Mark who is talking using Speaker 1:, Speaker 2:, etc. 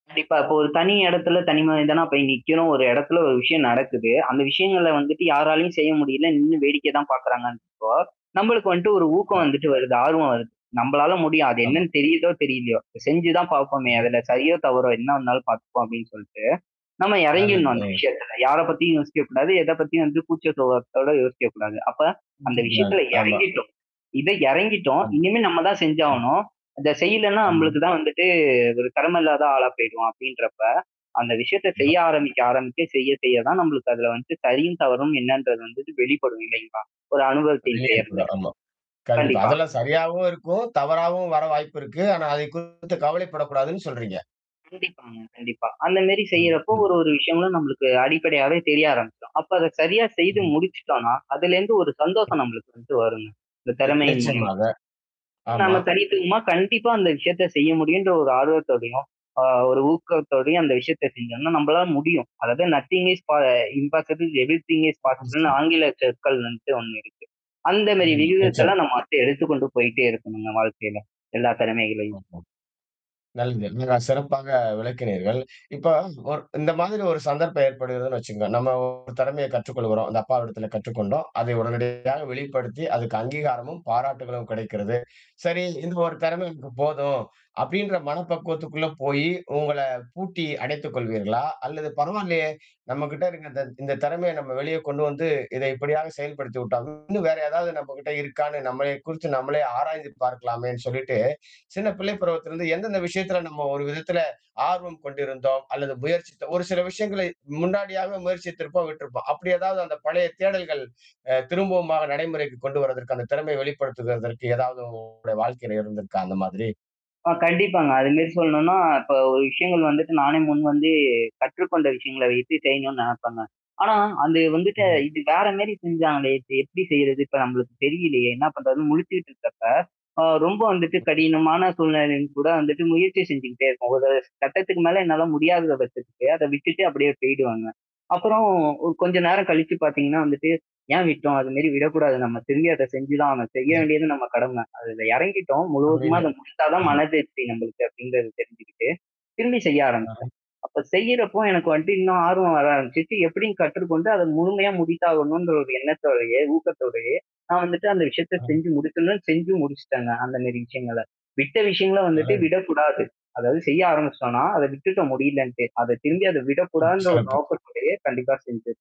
Speaker 1: கண்டிப்பா. இப்போ ஒரு தனி இடத்துல, தனி மனிதனா போய் நிக்கணும் ஒரு எடத்துல, ஒரு விஷயம் நடக்குது. அந்த விஷயங்கள வந்துட்டு யாராலயும் செய்ய முடில, நின்னு வேடிக்கை தான் பாக்கறாங்கன்றப்போ, நம்பளுக்கு வந்துட்டு ஒரு ஊக்கம்
Speaker 2: ஆமா.
Speaker 1: வந்துட்டு வருது, ஆர்வம் வருது. நம்பளால முடியும். அது
Speaker 2: ஆமா.
Speaker 1: என்னன்னு தெரியுதோ தெரிலையோ, செஞ்சு தான் பாப்போமே
Speaker 2: [unintelligible]
Speaker 1: அதுல சரியோ தவறோ, என்ன வந்தாலும் பாத்தப்போம் அப்படின்னு சொல்லட்டு, நம்ம
Speaker 2: நல்லது,
Speaker 1: எறங்கிடணும். அந்த
Speaker 2: அ.
Speaker 1: விஷயத்துல, யார பத்தியும் யோசிக்கக்கூடாது. எத பத்தியும் வந்து கூச்சசுபாவத்தோட யோசிக்கக்கூடாது. அப்ப அந்த விஷயத்ல
Speaker 2: [unintelligible] ஆமா.
Speaker 1: எறங்கிட்டோம் இத எறங்கிட்டோம்.
Speaker 2: கம்.
Speaker 1: இனிமே நம்ம தான்
Speaker 2: ம்.
Speaker 1: செஞ்சாகணும். அந்த செய்யலன்னா
Speaker 2: ஆமா.
Speaker 1: நம்மளுக்கு தான் வந்துட்டு ஒரு கடம இல்லாத ஆளா போய்டுவோம் அப்டின்றப்ப. அந்த விஷயத்த செய்ய
Speaker 2: [unintelligible]
Speaker 1: ஆரம்பிக்க, ஆரம்பிக்க செய்ய, செய்ய தான் நம்மளுக்கு அதுல வந்து சரியும், தவறும் என்னன்றது வந்து வெளிப்படும் இல்லைங்களா? ஒரு அனுபவத்தின்
Speaker 2: அதுலயே
Speaker 1: பேர்ல.
Speaker 2: இருக்கணும் ஆமா. கண்டிப்பா.
Speaker 1: கண்டிப்பா.
Speaker 2: அதெல்லாம் சரியாவும் இருக்கும், தவறாவும் வர வாய்ப்பு இருக்கு. ஆனா அதைக் குறித்து கவலைப்படக்கூடாதுன்னு சொல்றீங்க.
Speaker 1: ம் கண்டிப்பா. அந்த மாரி
Speaker 2: ம்,
Speaker 1: செய்றப்போ,
Speaker 2: ம்.
Speaker 1: ஒரு ஒரு விஷயங்களும் நமளுக்கு அடிப்படையாவே தெரிய ஆரம்பிக்கும். அப்ப அத சரியா செய்து
Speaker 2: ம்ஹ்ம்.
Speaker 1: முடிச்சுட்டோம்னா, அதுலேந்து ஒரு
Speaker 2: ம்.
Speaker 1: சந்தோஷம் நம்மளுக்கு வந்து வருங்க. அந்த
Speaker 2: நி
Speaker 1: திறமையின் மூலியமா.
Speaker 2: நிச்சயமாக. ஆமா.
Speaker 1: நம்ம தனித்துவமா கண்டிப்பா அந்த விஷயத்த செய்ய முடியுன்ற ஒரு ஆர்வத்தோடையும், அ ஒரு ஊக்கத்தோடையும், அந்த விஷயத்த செஞ்ஜோம்னா, நம்பளால முடியும். அதாவது நத்திங் ஸ் பா இம் பாசிபில் எவ்ரி திங் ஸ்
Speaker 2: [unintelligible]
Speaker 1: பாசிபிள்ன்னு
Speaker 2: [unintelligible]
Speaker 1: ஆங்கில சொற்கள் வந்துட்டு ஒண்ணு இருக்கு. அந்த மாரி
Speaker 2: ஆமா, நிச்சியம்.
Speaker 1: வியுகத்தெல்லாம் நம்ம அப்டியே எடுத்துக்க கொண்டு போயி்டே இருக்கணுங்க வாழ்க்கையில. எல்லா திறமைகளையும்.
Speaker 2: ஆமா. நல்லது. மிக சிறப்பாக விளக்கினீர்கள். இப்ப ஒரு இந்த மாதிரி ஒரு சந்தர்ப்பம் ஏற்படுகிறதுன்னு வச்சுக்கோங்க. நம்ம திறமைய கற்றுக்கொள்கிறோம். அந்த அப்பா விடத்தில கற்றுக்கொண்டோம். அதை உடனடியாக வெளிப்படுத்தி, அதுக்கு அங்கீகாரமும், பாராட்டுகளும் கெடைக்கிறது. சரி இந்த ஒரு திறமைக்கு போதும். அப்படின்ற மன பக்குவத்துக்குள்ள போயி உங்கள பூட்டி அடைத்துக் கொள்வீர்களா? அல்லது பரவால்லையே! நம்மகிட்ட இருக்கத இந்த திறமைய நம்ம வெளிய கொண்டு வந்து இத எப்படியாது செயல்படுத்தி விட்டால் இன்னும் வேற ஏதாவது நம்மகிட்ட இருக்கான்னு நம்மளைய குறிச்சு நம்மளே ஆராய்ந்து பார்க்கலாமேன்னு சொல்லிட்டு சின்ன பிள்ளை பருவத்தில இருந்து எந்தெந்த விஷயத்துல நம்ம ஒரு விதத்தில ஆர்வம் கொண்டிருந்தோம், அல்லது முயற்சித்தோ ஒரு சில விஷயங்களை முன்னாடியாக முயற்சித்திருப்போம் விட்டிருப்போம். அப்டி ஏதாவது அந்த பழைய தேடல்கள் அ திரும்பவமார நடைமுறைக்கு கொண்டு வரதற்கு, அந்த திறமைய வெளிப்படுத்துததற்கு, ஏதாவது உங்களுடைய வாழ்க்கைல இருந்திருக்கா அந்த மாதிரி?
Speaker 1: ஆ கண்டிப்பாங்க. அது மாரி சொல்ணும்னா, இப்ப ஒரு விஷயங்கள் வந்துட்டு நானே முன் வந்து கற்றுக்கொண்ட விஷயங்கள வைத்து செய்யணும்னு நெனப்பேங்க. ஆனா, அந்த வந்துட்டு
Speaker 2: ம்ஹ்ம்.
Speaker 1: இது வேற மேரி செஞ்சாங்களே. இப்ப எப்டி செய்றது? இப்ப நம்மளுக்கு தெரியலையே! என்ன பண்றதுன்னு முழிச்சுக்கிட்டு இருக்கப்ப, அ ரொம்ப வந்துட்டு
Speaker 2: மஹ்ம்
Speaker 1: கடினமான சூழ்நிலைல கூட வந்துட்டு முயற்சி செஞ்சுகிட்டே இருப்பேன். ஒரு கட்டத்துக்கு மேல என்னால முடியாத பட்சத்துக்கு அத விட்டுட்டு அப்படியே போய்டுவேங்க. அப்புறம் ஒ கொஞ்ச நேரம் கழிச்சு பாத்தீங்கன்னா வந்துட்டு ஏன் விட்டோம்? அதுமரி விடக்கூடாது நம்ம, திரும்பி அத செஞ்சு தான் ஆகணும். செய்ய
Speaker 2: [unintelligible]
Speaker 1: வேண்டியது நம்ம கடமை. அதுல எறங்கிட்டோம். முழுவதுமா
Speaker 2: அப்படின்னு
Speaker 1: அத முடிச்சா தான்
Speaker 2: [unintelligible]
Speaker 1: மனதிருப்தி நமளுக்கு அப்டின்றத தெரிஞ்சுக்கிட்டு. திரும்பி செய்ய
Speaker 2: ஆ.
Speaker 1: ஆரம்பிப்பேன். அப்ப செய்றப்போ எனக்கு வந்துட்டு இன்னும் ஆர்வம் வர ஆரம்பிச்சுச்சு எப்டின்னு கற்றுக்கொண்டு அத முழுமையா முடித்தாகணுன்ற ஒரு எண்ணத்தோடையே, ஊக்கத்தோடையே, நான் வந்துட்டு அந்த விஷயத்த
Speaker 2: அ.
Speaker 1: செஞ்சு முடிக்கணுன்னு செஞ்சு முடிச்சுட்டேங்க. அந்த மேரி விஷயங்கள, விட்ட விஷயங்கள வந்துட்டு
Speaker 2: அழகு.
Speaker 1: விடக்கூடாது. அதாவது செய்ய ஆரம்பிச்சுட்டோம்னா, அத விட்டுட்ட முடிலன்ட்டு. அத திரும்பி அத
Speaker 2: ம்.
Speaker 1: விடக்கூடாதுன்ற ஒரு
Speaker 2: சிறப்பு.
Speaker 1: நோக்கத்தோடயே கண்டிப்பா செஞ்சு